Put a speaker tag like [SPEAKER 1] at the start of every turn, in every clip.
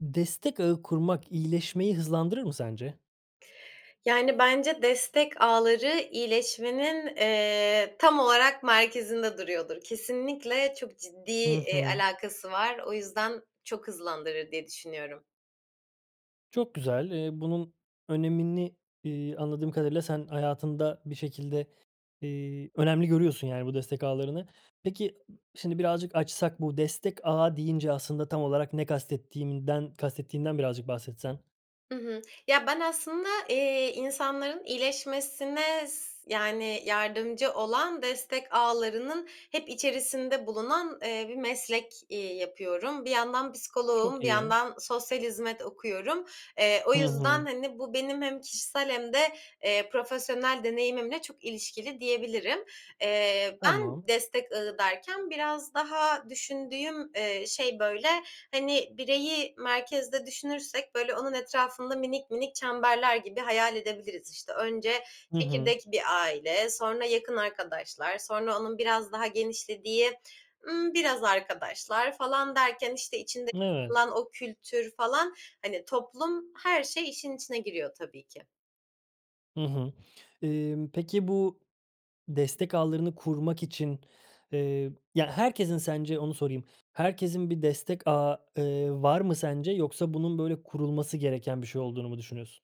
[SPEAKER 1] Destek ağı kurmak iyileşmeyi hızlandırır mı sence?
[SPEAKER 2] Yani, bence destek ağları iyileşmenin, eee, tam olarak merkezinde duruyordur. Kesinlikle çok ciddi,
[SPEAKER 1] I
[SPEAKER 2] eee,
[SPEAKER 1] hı.
[SPEAKER 2] alakası var. O yüzden çok hızlandırır diye düşünüyorum.
[SPEAKER 1] Çok güzel. Eee, bunun önemini, iii, anladığım kadarıyla sen hayatında bir şekilde, iii, önemli görüyorsun, yani, bu destek ağlarını. Peki, şimdi birazcık açsak bu destek ağa deyince aslında tam olarak ne kastettiğimden, kastettiğinden birazcık bahsetsen?
[SPEAKER 2] Hı hı. Ya, ben aslında, eee, insanların iyileşmesine s yani, yardımcı olan destek ağlarının hep içerisinde bulunan, eee, bir meslek, iii, yapıyorum. Bir yandan
[SPEAKER 1] Çok
[SPEAKER 2] psikoloğum, bir
[SPEAKER 1] iyi.
[SPEAKER 2] yandan sosyal hizmet okuyorum. Eee, o
[SPEAKER 1] Hı hı.
[SPEAKER 2] yüzden, hani, bu benim hem kişisel hem de, eee, profesyonel deneyimimle çok ilişkili diyebilirim. Eee, ben
[SPEAKER 1] Tamam.
[SPEAKER 2] destek ağı derken biraz daha düşündüğüm, eee, şey, böyle, hani, bireyi merkezde düşünürsek, böyle, onun etrafında minik minik çemberler gibi hayal edebiliriz. İşte, önce
[SPEAKER 1] Hı hı.
[SPEAKER 2] "çekirdek bir aile", sonra "yakın arkadaşlar", sonra onun biraz daha genişlediği, ımm, "biraz arkadaşlar" falan derken, işte, içinde
[SPEAKER 1] Evet.
[SPEAKER 2] [unintelligible] o kültür falan, hani, toplum, her şey, işin içine giriyor tabii ki.
[SPEAKER 1] Hı hı. Imm, peki bu destek ağlarını kurmak için, eee ya herkesin sence onu sorayım, herkesin bir destek ağı, eee, var mı sence yoksa bunun böyle kurulması gereken bir şey olduğunu mu düşünüyorsun?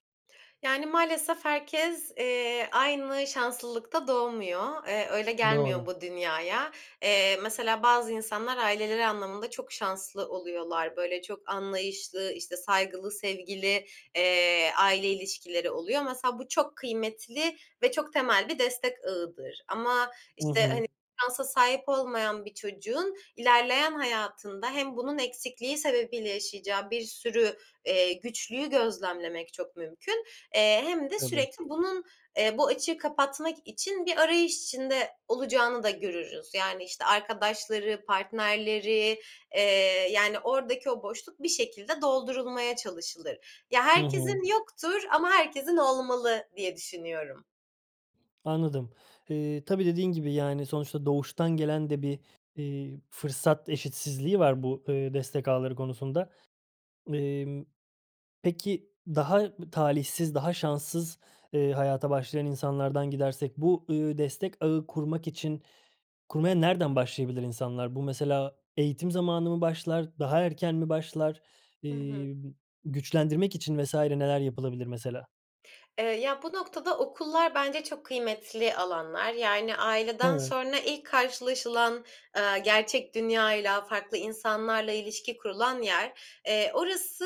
[SPEAKER 2] Yani, maalesef herkes, eee, aynı şanslılıkta doğmuyor. Eee, öyle gelmiyor
[SPEAKER 1] Doğru.
[SPEAKER 2] bu dünyaya. Eee, mesela, bazı insanlar aileleri anlamında çok şanslı oluyorlar. Böyle çok anlayışlı, işte, saygılı, sevgili, eee, aile ilişkileri oluyor. Mesela bu çok kıymetli ve çok temel bir destek ağıdır ama
[SPEAKER 1] Hı
[SPEAKER 2] işte
[SPEAKER 1] hı.
[SPEAKER 2] hani, şansa sahip olmayan bir çocuğun ilerleyen hayatında hem bunun eksikliği sebebiyle yaşayacağı bir sürü, eee, güçlüğü gözlemlemek çok mümkün, eee, hem de
[SPEAKER 1] Tabii.
[SPEAKER 2] sürekli bunun, eee, bu açığı kapatmak için bir arayış içinde olacağını da görürüz. Yani işte arkadaşları, partnerleri, eee, yani ordaki o boşluk bir şekilde doldurulmaya çalışılır. Ya,
[SPEAKER 1] Hı hı.
[SPEAKER 2] herkesin yoktur ama herkesin olmalı diye düşünüyorum.
[SPEAKER 1] Anladım. Eee, tabii, dediğin gibi, yani, sonuçta doğuştan gelen de bir, eee, fırsat eşitsizliği var bu, ııı, destek ağları konusunda. Emm, peki, daha b talihsiz, daha şanssız, eee, hayata başlayan insanlardan gidersek bu, ııı, destek ağı kurmak için kurmaya nereden başlayabilir insanlar? Bu mesela eğitim zamanı mı başlar, daha erken mi başlar,
[SPEAKER 2] Hı hı.
[SPEAKER 1] eee, güçlendirmek için vs. neler yapılabilir mesela?
[SPEAKER 2] Eee, ya, bu noktada okullar bence çok kıymetli alanlar. Yani, aileden
[SPEAKER 1] Evet.
[SPEAKER 2] sonra ilk karşılaşılan, eee, gerçek dünyayla farklı insanlarla ilişki kurulan yer. Eee,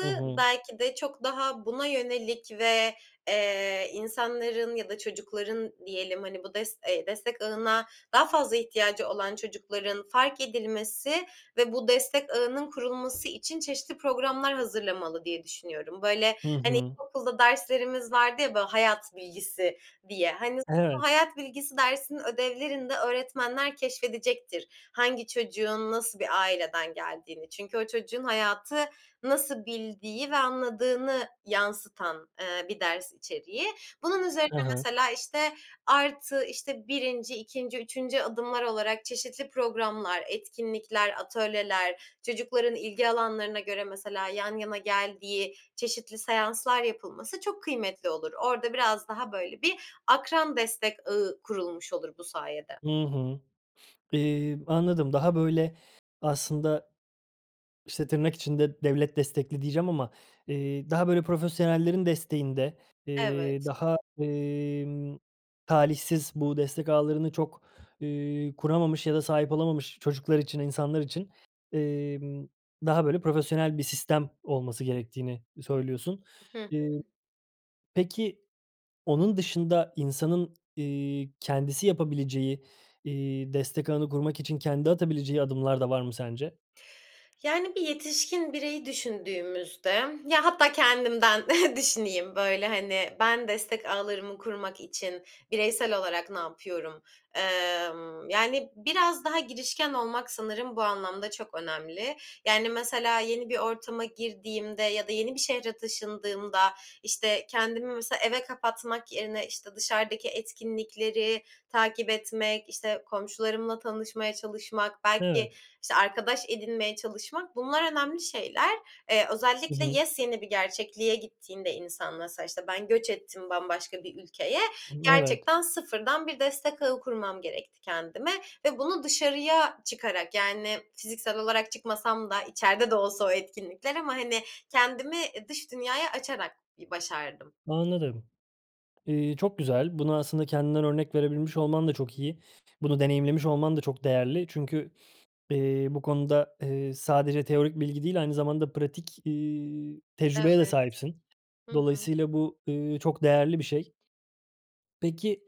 [SPEAKER 1] Hı hı.
[SPEAKER 2] belki de çok daha buna yönelik ve, eee, insanların ya da çocukların diyelim, hani, bu des eee, destek ağına daha fazla ihtiyacı olan çocukların fark edilmesi ve bu destek ağının kurulması için çeşitli programlar hazırlamalı diye düşünüyorum. Böyle,
[SPEAKER 1] Hı
[SPEAKER 2] hani,
[SPEAKER 1] hı.
[SPEAKER 2] ilkokulda derslerimiz vardı ya, ba hayat bilgisi diye, hani, o
[SPEAKER 1] Evet.
[SPEAKER 2] hayat bilgisi dersinin ödevlerinde öğretmenler keşfedecektir hangi çocuğun nasıl bir aileden geldiğini. Çünkü o çocuğun hayatı nasıl bildiği ve anladığını yansıtan, eee, bir ders içeriği. Bunun üzerine
[SPEAKER 1] Hı hı.
[SPEAKER 2] mesela, işte, artı, işte, 1'inci, 2'nci, 3'üncü adımlar olarak çeşitli programlar, etkinlikler, atölyeler, çocukların ilgi alanlarına göre, mesela, yan yana geldiği çeşitli seanslar yapılması çok kıymetli olur. Orada biraz daha böyle bir akran destek ağı kurulmuş olur bu sayede.
[SPEAKER 1] Hı hı. Eee, anladım, daha böyle aslında. İşte, tırnak içinde "devlet destekli" diyeceğim ama, eee, daha böyle profesyonellerin desteğinde, eee,
[SPEAKER 2] Evet.
[SPEAKER 1] daha, emm, talihsiz, bu destek ağlarını çok, eee, kuramamış ya da sahip olamamış çocuklar için, insanlar için, emm, daha böyle profesyonel bir sistem olması gerektiğini, iii, söylüyorsun.
[SPEAKER 2] Hı hı.
[SPEAKER 1] Eee, peki, onun dışında insanın, eee, kendisi yapabileceği, eee, destek ağını kurmak için kendi atabileceği adımlar da var mı sence?
[SPEAKER 2] Yani, bir yetişkin bireyi düşündüğümüzde, ya, hatta kendimden düşüneyim, böyle, hani, ben destek ağlarımı kurmak için bireysel olarak ne yapıyorum? Emm, yani, biraz daha girişken olmak sanırım bu anlamda çok önemli. Yani, mesela yeni bir ortama girdiğimde ya da yeni bir şehre taşındığımda, işte, kendimi mesela eve kapatmak yerine, işte, dışarıdaki etkinlikleri takip etmek, işte, komşularımla tanışmaya çalışmak, belki,
[SPEAKER 1] Evet.
[SPEAKER 2] işte, arkadaş edinmeye çalışmak; bunlar önemli şeyler. Eee,
[SPEAKER 1] Hı
[SPEAKER 2] özellikle
[SPEAKER 1] hı.
[SPEAKER 2] yepyeni bir gerçekliğe gittiğinde insan mesela, işte, ben göç ettim bambaşka bir ülkeye,
[SPEAKER 1] Hımm, evet.
[SPEAKER 2] gerçekten sıfırdan bir destek ağı kurmam gerekti kendime ve bunu dışarıya çıkarak, yani, fiziksel olarak çıkmasam da içeride de olsa o etkinlikler ama, hani, kendimi, ııı, dış dünyaya açarak bir başardım.
[SPEAKER 1] Anladım, eee, çok güzel. Bunu aslında kendinden örnek verebilmiş olman da çok iyi. Bunu deneyimlemiş olman da çok değerli. Çünkü, eee, bu konuda, eee, sadece teorik bilgi değil, aynı zamanda pratik, eee, tecrübeye de
[SPEAKER 2] Evet.
[SPEAKER 1] sahipsin.
[SPEAKER 2] Hı hı.
[SPEAKER 1] Dolayısıyla bu, eee, çok değerli bir şey. Peki,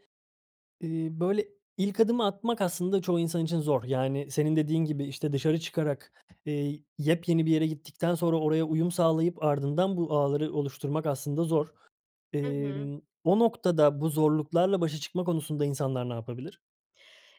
[SPEAKER 1] iii, böyle, ilk adımı atmak aslında çoğu insan için zor, yani, senin dediğin gibi, işte, dışarı çıkarak, eee, yepyeni bir yere gittikten sonra oraya uyum sağlayıp ardından bu ağları oluşturmak aslında zor.
[SPEAKER 2] Hı hı.
[SPEAKER 1] Emm, o noktada bu zorluklarla başa çıkma konusunda insanlar ne yapabilir?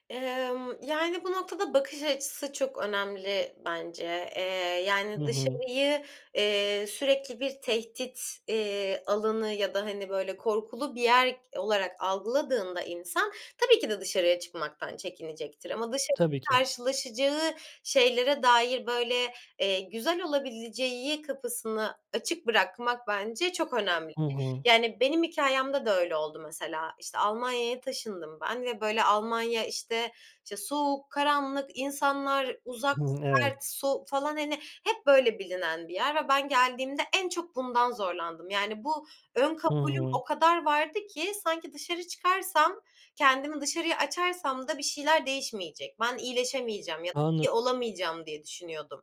[SPEAKER 2] Emm, yani, bu noktada bakış açısı çok önemli bence. Eee, yani,
[SPEAKER 1] Hı hı.
[SPEAKER 2] dışarıyı, eee, sürekli bir tehdit, eee, alanı ya da, hani, böyle, korkulu bir yer k olarak algıladığında insan tabii ki, de dışarıya çıkmaktan çekinecektir ama dışarıda
[SPEAKER 1] Tabii ki.
[SPEAKER 2] karşılaşacağı şeylere dair, böyle, eee, güzel olabileceği kapısını açık bırakmak bence çok önemli.
[SPEAKER 1] Hı hı.
[SPEAKER 2] Yani, benim hikâyemde de öyle oldu mesela. İşte, Almanya'ya taşındım ben ve, böyle, Almanya, işte, işte, soğuk, karanlık, insanlar uzak,
[SPEAKER 1] Hı hı,
[SPEAKER 2] sert,
[SPEAKER 1] evet.
[SPEAKER 2] soğuk, falan, hani, hep böyle bilinen bir yer ve ben geldiğimde en çok bundan zorlandım. Yani, bu ön
[SPEAKER 1] Hı
[SPEAKER 2] kabulüm
[SPEAKER 1] hı.
[SPEAKER 2] o kadar vardı ki sanki dışarı çıkarsam, kendimi dışarıya açarsam da bir şeyler değişmeyecek. Ben iyileşemeyeceğim ya da
[SPEAKER 1] Anlad
[SPEAKER 2] iyi olamayacağım diye düşünüyordum.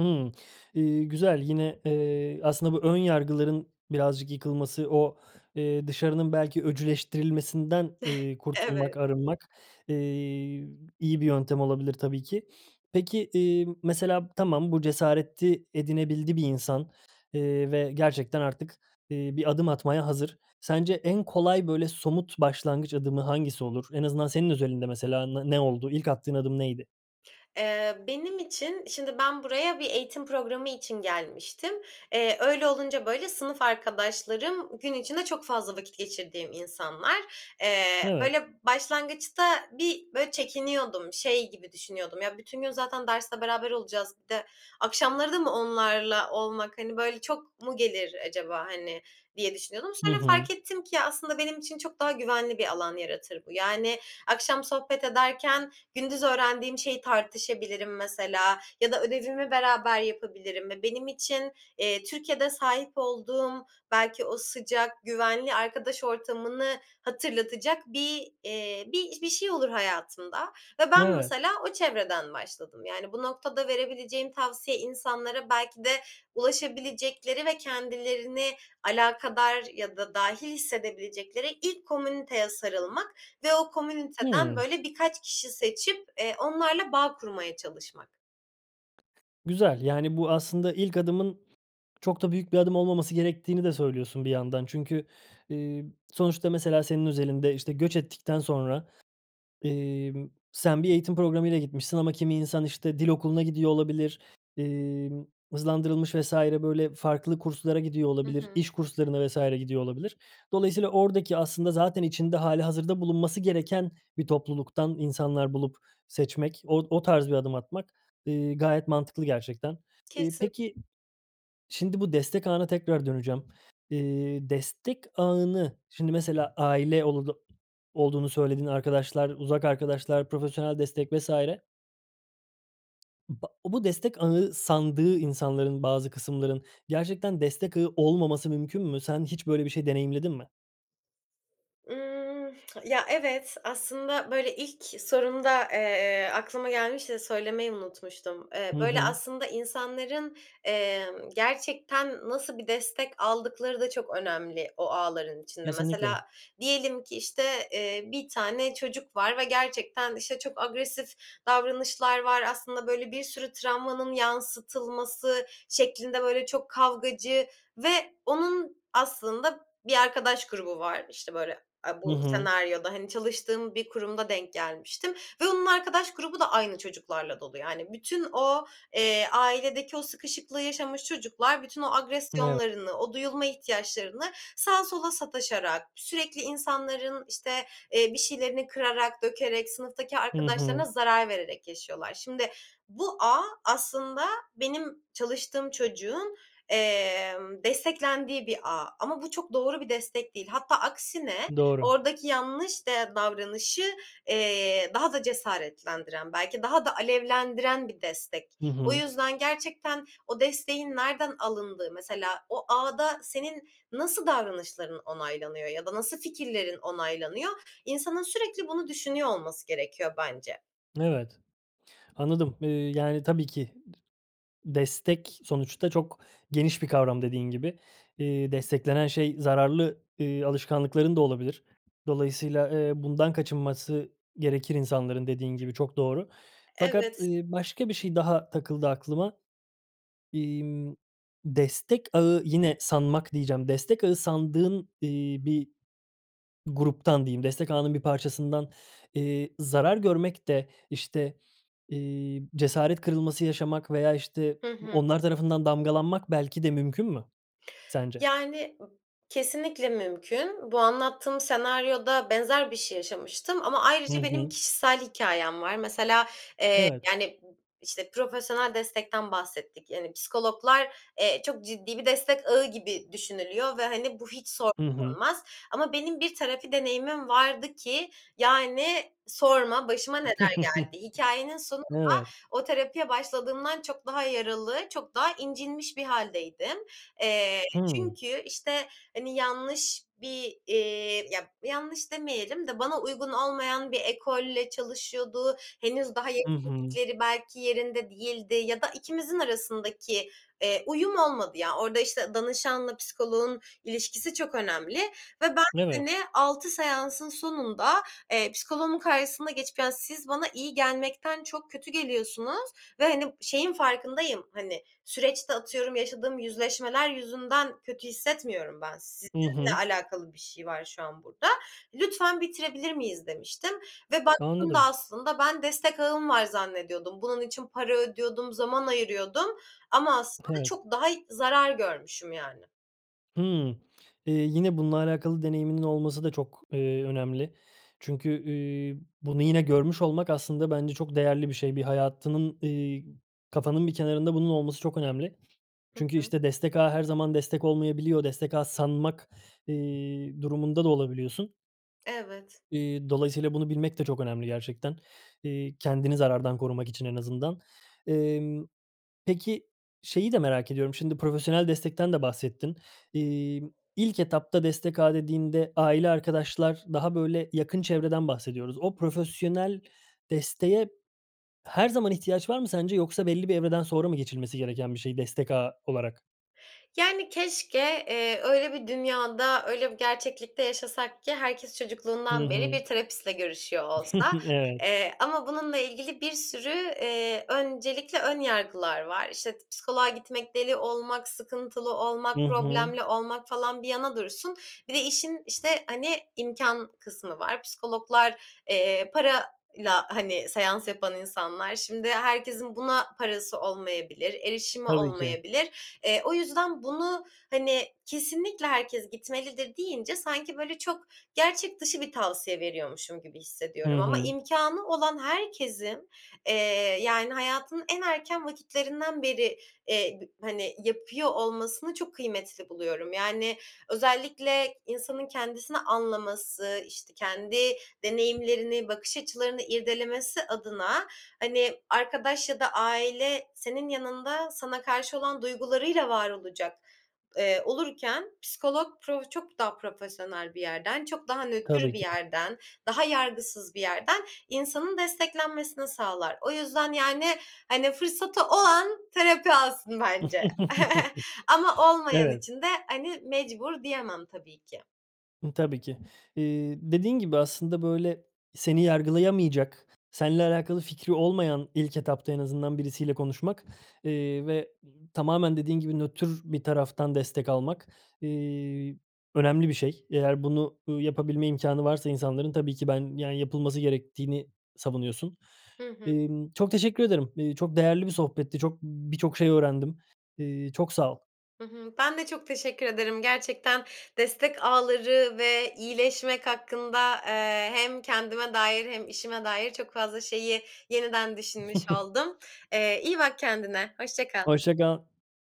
[SPEAKER 1] Hımm. Eee, güzel, yine, eee, aslında bu ön yargıların birazcık yıkılması, o, eee, dışarının belki öcüleştirilmesinden, eee, kurtulmak,
[SPEAKER 2] Evet.
[SPEAKER 1] arınmak, eee, iyi bir yöntem olabilir tabii ki. Peki, eee, mesela, tamam, bu cesareti edinebildi bir insan, eee, ve gerçekten artık, eee, bir adım atmaya hazır. Sence en kolay böyle somut başlangıç adımı hangisi olur? En azından senin özelinde mesela ne ne oldu? İlk attığın adım neydi?
[SPEAKER 2] Eee, benim için Şimdi ben buraya bir eğitim programı için gelmiştim. Eee, öyle olunca böyle sınıf arkadaşlarım gün içinde çok fazla vakit geçirdiğim insanlar. Eee,
[SPEAKER 1] Evet.
[SPEAKER 2] böyle başlangıçta bir böyle çekiniyordum. Şey gibi düşünüyordum, "Ya, bütün gün zaten derste beraber olacağız, bir de akşamları da mı onlarla olmak, hani, böyle çok mu gelir acaba hani?" diye düşünüyordum.
[SPEAKER 1] Hı
[SPEAKER 2] Sonra
[SPEAKER 1] hı.
[SPEAKER 2] fark ettim ki ya, aslında benim için çok daha güvenli bir alan yaratır bu. Yani akşam sohbet ederken gündüz öğrendiğim şeyi tartışabilirim mesela ya da ödevimi beraber yapabilirim ve benim için, eee, Türkiye'de sahip olduğum belki o sıcak, güvenli arkadaş ortamını hatırlatacak bir, eee, bir bir şey olur hayatımda ve ben
[SPEAKER 1] Evet.
[SPEAKER 2] mesela o çevreden başladım. Yani bu noktada verebileceğim tavsiye insanlara belki de ulaşabilecekleri ve kendilerini alakadar ya da dâhil hissedebilecekleri ilk komüniteye sarılmak ve o komüniteden
[SPEAKER 1] Hıı.
[SPEAKER 2] böyle birkaç kişi seçip, eee, onlarla bağ kurmaya çalışmak.
[SPEAKER 1] Güzel, yani, bu aslında ilk adımın çok da büyük bir adım olmaması gerektiğini de söylüyorsun bir yandan. Çünkü, ııı, sonuçta mesela senin özelinde, işte, göç ettikten sonra, emm, sen bir eğitim programıyla gitmişsin ama kimi insan, işte, dil okuluna gidiyor olabilir, emm, hızlandırılmış vs. böyle farklı kurslara gidiyor
[SPEAKER 2] Hı
[SPEAKER 1] olabilir,
[SPEAKER 2] hı.
[SPEAKER 1] iş kurslarına vs. gidiyor olabilir. Dolayısıyla oradaki aslında zaten içinde hâlihazırda bulunması gereken bir topluluktan insanlar bulup seçmek, o o tarz bir adım atmak, ııı, gayet mantıklı gerçekten. Iıı,
[SPEAKER 2] Kesin.
[SPEAKER 1] peki, şimdi bu destek ağına tekrar döneceğim. Eee, destek ağını, şimdi mesela aile olulu olduğunu söyledin arkadaşlar, uzak arkadaşlar, profesyonel destek vs. ba bu destek ağı sandığı insanların, bazı kısımların gerçekten destek ağı olmaması mümkün mü? Sen hiç böyle bir şey deneyimledin mi?
[SPEAKER 2] Imm, ya, evet. Aslında, böyle, ilk sorumda, eee, aklıma gelmişti de söylemeyi unutmuştum.
[SPEAKER 1] Hı
[SPEAKER 2] Eee, böyle,
[SPEAKER 1] hı.
[SPEAKER 2] aslında insanların, emm, gerçekten nasıl bir destek aldıkları da çok önemli o ağların içinde.
[SPEAKER 1] Kesinlikle.
[SPEAKER 2] Mesela diyelim ki işte, eee, bir tane çocuk var ve gerçekten, işte, çok agresif davranışlar var, aslında böyle bir sürü travmanın yansıtılması şeklinde, böyle, çok kavgacı ve onun aslında bir arkadaş grubu var. İşte, böyle, aaa,
[SPEAKER 1] Hı
[SPEAKER 2] bu
[SPEAKER 1] hı.
[SPEAKER 2] senaryoda, hani, çalıştığım bir kurumda denk gelmiştim ve onun arkadaş grubu da aynı çocuklarla dolu, yani. Bütün o, eee, ailedeki o sıkışıklığı yaşamış çocuklar bütün o
[SPEAKER 1] [unintelligible]
[SPEAKER 2] agresyonlarını, o duyulma ihtiyaçlarını sağa sola sataşarak, sürekli insanların, işte, eee, bir şeylerini kırarak, dökerek, sınıftaki
[SPEAKER 1] Hı
[SPEAKER 2] arkadaşlarına
[SPEAKER 1] hı.
[SPEAKER 2] zarar vererek yaşıyorlar. Şimdi bu ağ aslında benim çalıştığım çocuğun, emm, desteklendiği bir ağ. Ama bu çok doğru bir destek değil. Hatta aksine
[SPEAKER 1] Doğru.
[SPEAKER 2] oradaki yanlış de davranışı, eee, daha da cesaretlendiren belki daha da alevlendiren bir destek.
[SPEAKER 1] Hı
[SPEAKER 2] O
[SPEAKER 1] hı.
[SPEAKER 2] yüzden gerçekten o desteğin nereden alındığı, mesela o ağda senin nasıl davranışların onaylanıyor ya da nasıl fikirlerin onaylanıyor? İnsanın sürekli bunu düşünüyor olması gerekiyor bence.
[SPEAKER 1] Evet, anladım, ııı, yani tabii ki d destek sonuçta çok geniş bir kavram, dediğin gibi. Iıı, desteklenen şey zararlı, ııı, alışkanlıkların da olabilir. Dolayısıyla, ııı, bundan kaçınması gerekir insanların, dediğin gibi, çok doğru. Fakat,
[SPEAKER 2] Evet.
[SPEAKER 1] ııı, başka bir şey daha takıldı aklıma. İmm, destek ağı yine "sanmak" diyeceğim, destek ağı sandığın, iii, bir gruptan diyeyim, destek ağının bir parçasından, iii, zarar görmek de işte, iii, cesaret kırılması yaşamak veya işte
[SPEAKER 2] Hı hı.
[SPEAKER 1] onlar tarafından damgalanmak belki de mümkün mü sence?
[SPEAKER 2] Yani b kesinlikle mümkün. Bu anlattığım senaryoda benzer bir şey yaşamıştım. Ama
[SPEAKER 1] Hı
[SPEAKER 2] ayrıca benim
[SPEAKER 1] hı.
[SPEAKER 2] kişisel hikâyem var. Mesela, eee,
[SPEAKER 1] Evet.
[SPEAKER 2] yani b işte, profesyonel destekten bahsettik. Yani psikologlar, eee, çok ciddi bir destek ağı gibi düşünülüyor ve hani bu hiç sor [unintelligible]
[SPEAKER 1] Hı hı.
[SPEAKER 2] Ama benim bir terapi deneyimim vardı ki yani sorma başıma neler geldi. Hikâyenin sonunda
[SPEAKER 1] Evet.
[SPEAKER 2] o terapiye başladığımdan çok daha yaralı, çok daha incinmiş bir hâldeydim. Eee,
[SPEAKER 1] Hımm.
[SPEAKER 2] çünkü işte hani yanlış bir, eee, ya, yanlış demeyelim de bana uygun olmayan bir ekolle çalışıyordu, henüz daha
[SPEAKER 1] Hı hı.
[SPEAKER 2] yetkinlikleri belki yerinde değildi ya da ikimizin arasındaki, eee, uyum olmadı ya. Orda işte danışanla psikoloğun ilişkisi çok önemli ve ben
[SPEAKER 1] Evet.
[SPEAKER 2] hani 6 seansın sonunda, eee, psikoloğumun karşısına geçip yani siz bana iyi gelmekten çok kötü geliyorsunuz ve hani şeyin farkındayım hani süreçte atıyorum yaşadığım yüzleşmeler yüzünden kötü hissetmiyorum ben.
[SPEAKER 1] Hı
[SPEAKER 2] Sizinle
[SPEAKER 1] hı.
[SPEAKER 2] alakalı bir şey var şu an burda. "Lütfen bitirebilir miyiz." Demiştim ve baktığımda
[SPEAKER 1] Anladım.
[SPEAKER 2] aslında ben destek ağım var zannediyordum. Bunun için para ödüyordum, zaman ayırıyordum ama aslında
[SPEAKER 1] Evet.
[SPEAKER 2] çok daha zarar görmüşüm yani.
[SPEAKER 1] Imm. Eee, yine, bununla alakalı deneyiminin olması da çok, eee, önemli. Çünkü, iii, bunu yine görmüş olmak aslında bence çok değerli bir şey. Bir hayatının, eee, kafanın bir kenarında bunun olması çok önemli.
[SPEAKER 2] Hı
[SPEAKER 1] Çünkü
[SPEAKER 2] hı.
[SPEAKER 1] işte destek ağı her zaman destek olmayabiliyor. Destek ağı sanmak, eee, durumunda da olabiliyorsun.
[SPEAKER 2] Evet.
[SPEAKER 1] Eee, dolayısıyla bunu bilmek de çok önemli gerçekten. Eee, kendini zarardan korumak için en azından. Emm, peki şeyi de merak ediyorum: Şimdi profesyonel destekten de bahsettin. Emm, ilk etapta destek ağı dediğinde aile, arkadaşlar, daha böyle yakın çevreden bahsediyoruz. O profesyonel desteğe her zaman ihtiyaç var mı sence yoksa belli bir evreden sonra mı geçilmesi gereken bir şey destek ağı olarak?
[SPEAKER 2] Yani, keşke, eee, öyle bir dünyada, öyle bir gerçeklikte yaşasak ki herkes
[SPEAKER 1] Hı
[SPEAKER 2] çocukluğundan beri
[SPEAKER 1] hı.
[SPEAKER 2] bir terapistle görüşüyor olsa.
[SPEAKER 1] Evet.
[SPEAKER 2] Eee, ama bununla ilgili bir sürü, eee, öncelikle ön yargılar var. İşte t psikoloğa gitmek deli olmak, sıkıntılı olmak,
[SPEAKER 1] Hı hı.
[SPEAKER 2] problemli olmak falan bir yana dursun. Bir de işin işte, hani, imkân kısmı var. Psikologlar, eee, parayla, hani, seans yapan insanlar. Şimdi herkesin buna parası olmayabilir, erişimi
[SPEAKER 1] Tabii ki.
[SPEAKER 2] olmayabilir. Eee, o yüzden bunu, hani, kesinlikle herkes gitmelidir deyince sanki böyle çok gerçek dışı bir tavsiye veriyormuşum gibi
[SPEAKER 1] Hı
[SPEAKER 2] hissediyorum. Ama
[SPEAKER 1] hı.
[SPEAKER 2] imkânı olan herkesin, eee, yani, hayatının en erken vakitlerinden beri, eee, b hani, yapıyor olmasını çok kıymetli buluyorum. Yani, özellikle insanın kendisini anlaması, işte, kendi deneyimlerini, bakış açılarını irdelemesi adına, hani, arkadaş ya da aile senin yanında sana karşı olan duygularıyla var olacak, eee, olurken psikolog pro çok daha profesyonel bir yerden, çok daha nötr
[SPEAKER 1] Tabii
[SPEAKER 2] bir
[SPEAKER 1] ki.
[SPEAKER 2] yerden, daha yargısız bir yerden insanın desteklenmesini sağlar. O yüzden, yani, hani, fırsatı olan terapi alsın bence. Ama olmayan
[SPEAKER 1] Evet.
[SPEAKER 2] için de, hani, mecbur diyemem tabii ki.
[SPEAKER 1] Hımm. Tabii ki. Eee, dediğin gibi aslında böyle seni yargılayamayacak, senle alakalı fikri olmayan ilk etapta en azından birisiyle konuşmak. Eee, ve, ımm, tamamen dediğin gibi nötr bir taraftan destek almak, eee, önemli bir şey, eğer bunu, ııı, yapabilme imkânı varsa insanların tabii ki ben, yani, yapılması gerektiğini savunuyorsun.
[SPEAKER 2] Hı hı.
[SPEAKER 1] Emm, çok teşekkür ederim. Eee, çok değerli bir sohbetti. Çok, ımm, birçok şey öğrendim. Eee çok sağ ol.
[SPEAKER 2] Hı hı. Ben de çok teşekkür ederim. Gerçekten destek ağları ve iyileşmek hakkında, eee, hem kendime dair hem işime dair çok fazla şeyi yeniden düşünmüş oldum. Eee, iyi bak kendine, hoşça kal.
[SPEAKER 1] Hoşça kal.